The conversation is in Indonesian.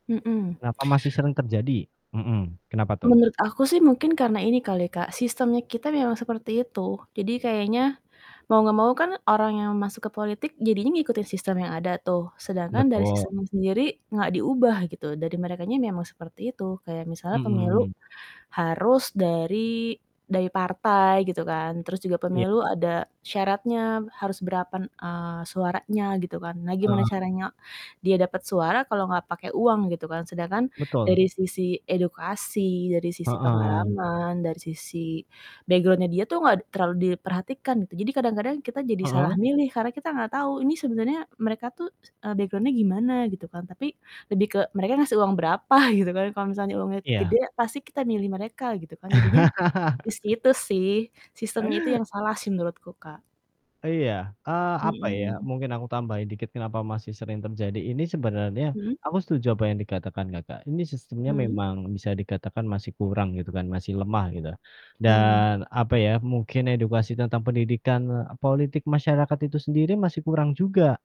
Mhm. Kenapa masih sering terjadi? Mhm, kenapa tuh? Menurut aku sih, mungkin karena ini kali, Kak, sistemnya kita memang seperti itu. Jadi kayaknya mau nggak mau kan, orang yang masuk ke politik jadinya ngikutin sistem yang ada tuh, sedangkan dari Betul. sistemnya sendiri enggak diubah, gitu, dari merekanya memang seperti itu. Kayak misalnya pemilu Mhm. harus dari dari partai, gitu kan, terus juga Iya. pemilu ada syaratnya harus berapan eee, suaranya, gitu kan. Nah, gimana Heeh. caranya dia dapat suara, kalau enggak pakai uang, gitu kan, sedangkan Betul. dari sisi edukasi, dari sisi Heeh. pengalaman, dari sisi background-nya, dia tuh enggak terlalu diperhatikan, gitu. Jadi kadang-kadang, kita jadi Heeh? salah milih, karena kita enggak tahu ini sebenarnya mereka tuh, eee, background-nya gimana, gitu kan, tapi lebih ke mereka ngasih uang berapa, gitu kan. Kalau misalnya uangnya Iya. gede, pasti kita milih mereka, gitu kan. Jadinya di situ sih, sistemnya itu yang salah sih, menurutku, Kak. Iya, eee, apa ya, Mhm. mungkin aku tambahin dikit kenapa masih sering terjadi, ini sebenarnya Mhm. aku setuju apa yang dikatakan Kakak, ini sistemnya Mhm. memang bisa dikatakan masih kurang, gitu kan, masih lemah, gitu. Mhm. Dan, apa ya, mungkin edukasi tentang pendidikan politik masyarakat itu sendiri masih kurang juga.